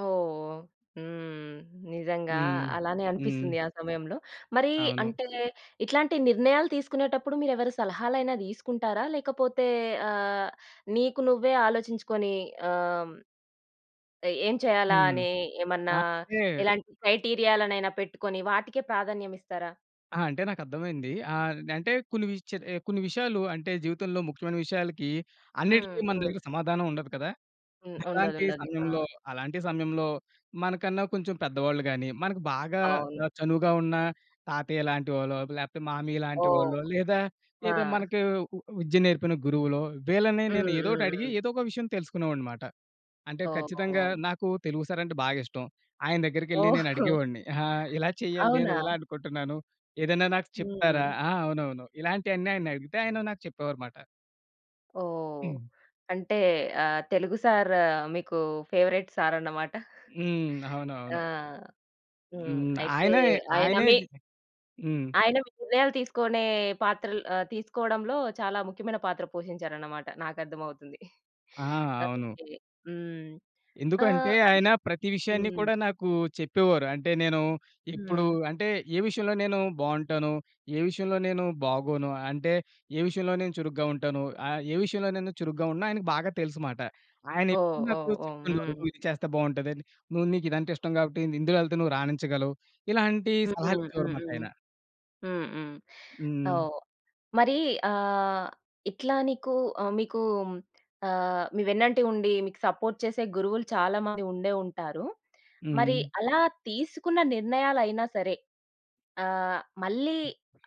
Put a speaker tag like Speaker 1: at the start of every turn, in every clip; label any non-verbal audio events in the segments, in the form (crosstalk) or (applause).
Speaker 1: ఓహ్! హ్మ్, నిజంగా.
Speaker 2: హ్మ్.
Speaker 1: అలానే
Speaker 2: హ్మ్.
Speaker 1: అనిపిస్తుందీ ఆ సమయంలో. మరీ
Speaker 2: అవును.
Speaker 1: అంటే, ఇట్లాంటి నిర్ణయాలు తీసుకునేటప్పుడు, మీరెవరి సలహాలైనా తీసుకుంటారా? లేకపోతే ఆహ్, నీకు నువ్వే ఆలోచించుకొని, ఆహ్, ఏ ఏం చేయాలా
Speaker 2: హ్మ్.
Speaker 1: అని, ఏమన్నా,
Speaker 2: అంటే
Speaker 1: ఎలాంటి క్రైటీరియాలనైనా పెట్టుకొని వాటికే ప్రాధాన్యం ఇస్తారా?
Speaker 2: ఆ! అంటే, నాకర్థమైందీ. ఆహ్, అంటే, కొన్ని విషయాలు, ఎ, కొన్ని విషయాలు అంటే, జీవితంలో ముఖ్యమైన విషయాలకీ,
Speaker 1: హ్మ్.
Speaker 2: అన్నిట్లికి మన
Speaker 1: హ్మ్.
Speaker 2: దగ్గర సమాధానం ఉండదు కదా!
Speaker 1: హ్మ్.
Speaker 2: అలాంటి
Speaker 1: ఉండదుండదు.
Speaker 2: సమయంలో,
Speaker 1: ఆ!
Speaker 2: అలాంటి సమయంలో, మనకన్నా కొంచెం పెద్దవాళ్ళు గాని, మనకు బాగా
Speaker 1: అవును.
Speaker 2: అ, చనువుగా ఉన్న తాతయ్య లాంటి వాళ్ళో, లేపోతే మామయ్య లాంటి
Speaker 1: ఓహ్!
Speaker 2: వాళ్ళో, లేదా ఏదా
Speaker 1: ఆ!
Speaker 2: మనకీ ఉ ఉ విద్య నేర్పిన గురువులో, వీళ్ళని
Speaker 1: హ్మ్. హ్మ్.
Speaker 2: నేనొదోటి అడిగి,
Speaker 1: హ్మ్.
Speaker 2: ఏదోక విషయం తెలుసుకునేవాడ్నిమాట. అంటే ఖచ్చితంగా,
Speaker 1: తోం.
Speaker 2: నాకూ తెలుగు సారంటే బాగిష్టం. ఆయన దెగ్గరికెళ్లి
Speaker 1: ఓహో! (chuckles)
Speaker 2: నేనడిగేవాడ్ని. అహా! ఇలా చెయ్యాలి నేను,
Speaker 1: అవునా?
Speaker 2: ఇలా అనుకుంటున్నాను. ఏదైనా నాకు చెప్తారా
Speaker 1: హ్మ్.
Speaker 2: ఆ! అవునవును. ఇలాంటియన్నీ ఆయన్నడిగితే, ఆయన నాకు చెప్పేవారుమాట.
Speaker 1: ఓహ్!
Speaker 2: హ్మ్.
Speaker 1: అంటే, ఆహ్, తెలుగు సార్ మీకు ఫేవరెట్ సారన్నమాట.
Speaker 2: హ్మ్.
Speaker 1: (chuckles) ఆ!
Speaker 2: అవునవును.
Speaker 1: హ్మ్.
Speaker 2: హ్మ్.
Speaker 1: అయితే,
Speaker 2: ఆయనే,
Speaker 1: ఆయన
Speaker 2: ఆయనే
Speaker 1: మీ...
Speaker 2: హ్మ్.
Speaker 1: ఆయన మీ నిర్ణయాలు తీసుకొనే పాత్రల్ ఆహ్, తీసుకోవడంలో చాలా ముఖ్యమైన పాత్ర పోషించారన్నమాట. నాకర్థమవుతుంది.
Speaker 2: ఆ!
Speaker 1: (chuckles)
Speaker 2: అవును.
Speaker 1: ఓకే. హ్మ్.
Speaker 2: ఎందుకంటే,
Speaker 1: ఆహ్, అన్
Speaker 2: ఆయన ప్రతి విషయాన్ని
Speaker 1: హ్మ్.
Speaker 2: కూడా నాకూ, చెప్పేవారు. అంటే, నేను ఇప్పుడు
Speaker 1: హ్మ్.
Speaker 2: అంటే, ఏ విషయంలో నేను బావుంటాను, ఏ విషయంలో నేను బాగోను, అంటే, ఏ విషయంలో నేను చురుగ్గా ఉంటాను, ఆహ్, ఏ విషయంలో నేను చురుగ్గా ఉండనో, ఆయనకి బాగా తెలుసుమాట.
Speaker 1: ఓహ్!
Speaker 2: ఆయనెప్పుడూ నాకు
Speaker 1: ఓహ్! ఓహ్!
Speaker 2: చెప్తుoడేవారు,
Speaker 1: హ్మ్.
Speaker 2: నువ్విది చేస్తే బావుంటదని, "నువ్వు నీకీదంటే ఇష్టం కాబట్టి ఇందులో వెళ్తే నువ్వు రాణించగలవు". ఇలాంటి
Speaker 1: హ్మ్.
Speaker 2: సలహాలు
Speaker 1: హ్మ్.
Speaker 2: ఇచ్చేవారుమాట ఆయన.
Speaker 1: హ్మ్. హ్మ్.
Speaker 2: హ్మ్.
Speaker 1: ఓహ్! మరీ ఆహ్, ఇట్లా నీకు అ, నీకూ మీకూ అహ్, మీ వెన్నంటే ఉండి, మీకు సపోర్ట్ చేసే గురువులు చాలా మంది ఉండే ఉంటారు. మరి,
Speaker 2: హ్మ్.
Speaker 1: అలా తీసుకున్న నిర్ణయాలైనా సరే, ఆహ్, మళ్ళీ,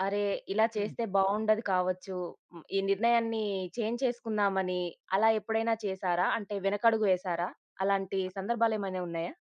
Speaker 1: అరె! ఇలా
Speaker 2: హ్మ్.
Speaker 1: చేస్తే బావుండదు కావచ్చు. హ్మ్, ఈ నిర్ణయాన్ని చేంజ్ చేసుకుందామనీ అలా ఎప్పుడైనా చేసారా? అంటే వెనకడుగు వేసారా? అలాంటి సందర్భాలు ఏమైనా ఉన్నాయా?